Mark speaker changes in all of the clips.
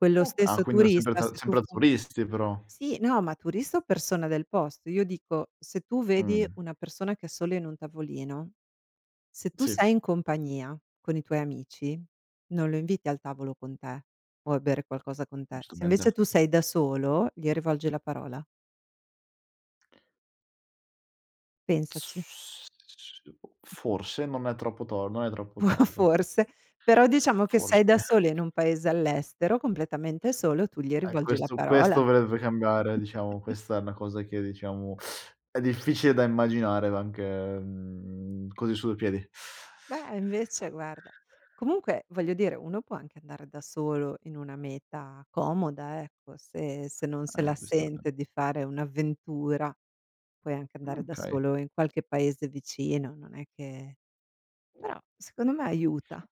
Speaker 1: Quello
Speaker 2: Oka ah,
Speaker 1: stesso
Speaker 2: quindi ho sempre
Speaker 1: turista
Speaker 2: ta
Speaker 1: se tu
Speaker 2: sempre
Speaker 1: fo
Speaker 2: turisti però.
Speaker 1: sì, no, ma turista o persona del posto. Io dico, se tu vedi
Speaker 2: Mh.
Speaker 1: una persona che è solo in un tavolino, se tu
Speaker 2: Sì.
Speaker 1: sei in compagnia con i tuoi amici, non lo inviti al tavolo con te o a bere qualcosa con te. Se invece
Speaker 2: Giustamente.
Speaker 1: tu sei da solo, gli rivolgi la parola. Pensaci.
Speaker 2: S [unintelligible] forse, non è troppo tor non è troppo torto.
Speaker 1: Forse. Però diciamo che
Speaker 2: Forse.
Speaker 1: sei da sola in un paese all'estero, completamente solo, tu gli
Speaker 2: E
Speaker 1: rivolgi la
Speaker 2: questo questo
Speaker 1: parola.
Speaker 2: dovrebbe cambiare, diciamo. Questa è una cosa che diciamo, è difficile da immaginare anche, mhmm, così sui piedi.
Speaker 1: Beh, invece guarda. Comunque, voglio dire, uno può anche andare da solo in una meta comoda, ecco; se se non se
Speaker 2: Ah, eh,
Speaker 1: la
Speaker 2: questo è
Speaker 1: sente di fare un'avventura puoi anche andare
Speaker 2: Mh,
Speaker 1: da
Speaker 2: okay.
Speaker 1: solo in qualche paese vicino, non è che però, secondo me aiuta.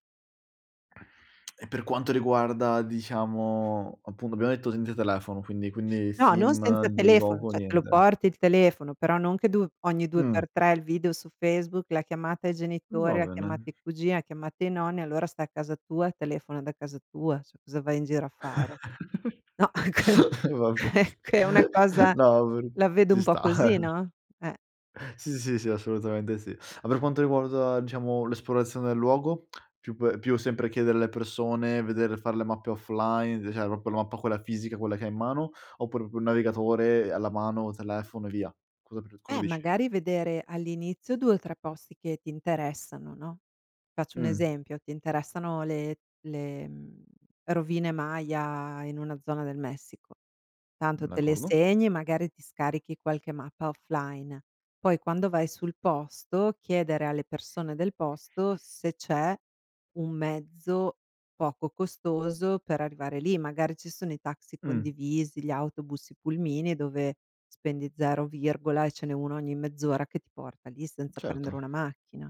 Speaker 2: E per quanto riguarda diciamo appunto abbiamo detto senza telefono, quindi quindi
Speaker 1: No, non
Speaker 2: sim,
Speaker 1: senza
Speaker 2: il il
Speaker 1: telefono,
Speaker 2: gioco,
Speaker 1: cioè te lo
Speaker 2: niente.
Speaker 1: porti il telefono, però non che du ogni due
Speaker 2: Mh.
Speaker 1: per tre il video su Facebook, la chiamata ai
Speaker 2: Va
Speaker 1: genitori, la chiamata
Speaker 2: bene.
Speaker 1: ai cugini, la chiamata ai nonni, allora sta a casa tua, telefona da casa tua, scusa, vai in giro a fare. No, è che
Speaker 2: Va be
Speaker 1: eh, che è una cosa
Speaker 2: no va b
Speaker 1: la vedo
Speaker 2: ci
Speaker 1: un po'
Speaker 2: sta.
Speaker 1: così, no. Eh.
Speaker 2: Sì, sì, sì, sì, assolutamente sì. Ma per quanto riguarda, diciamo l'esplorazione del luogo, più pe più sempre chiedere alle persone, vedere far le mappe offline, d cioè proprio la mappa quella fisica quella che hai in mano, oppure proprio il navigatore, ehm, alla mano, telefono e via. Cosa pr cosa
Speaker 1: Eh,
Speaker 2: dici?
Speaker 1: magari vedere all'inizio 2 o 3 posti che ti interessano, no. Faccio un
Speaker 2: Mh.
Speaker 1: esempio: ti interessano le le mhmm, rovine Maya in una zona del Messico.
Speaker 2: Mh,
Speaker 1: Tanto te le
Speaker 2: d'accordo.
Speaker 1: segni e magari ti scarichi qualche mappa offline. Poi quando vai sul posto, chiedere alle persone del posto se c'è un mezzo poco costoso per arrivare lì. Magari ci sono i taxi
Speaker 2: Mh.
Speaker 1: condivisi, gli autobus, i pulmini dove spendi 0 virgola, e ce n'è uno ogni mezz'ora che ti porta lì
Speaker 2: Mh,
Speaker 1: senza prendere
Speaker 2: certo.
Speaker 1: una macchina.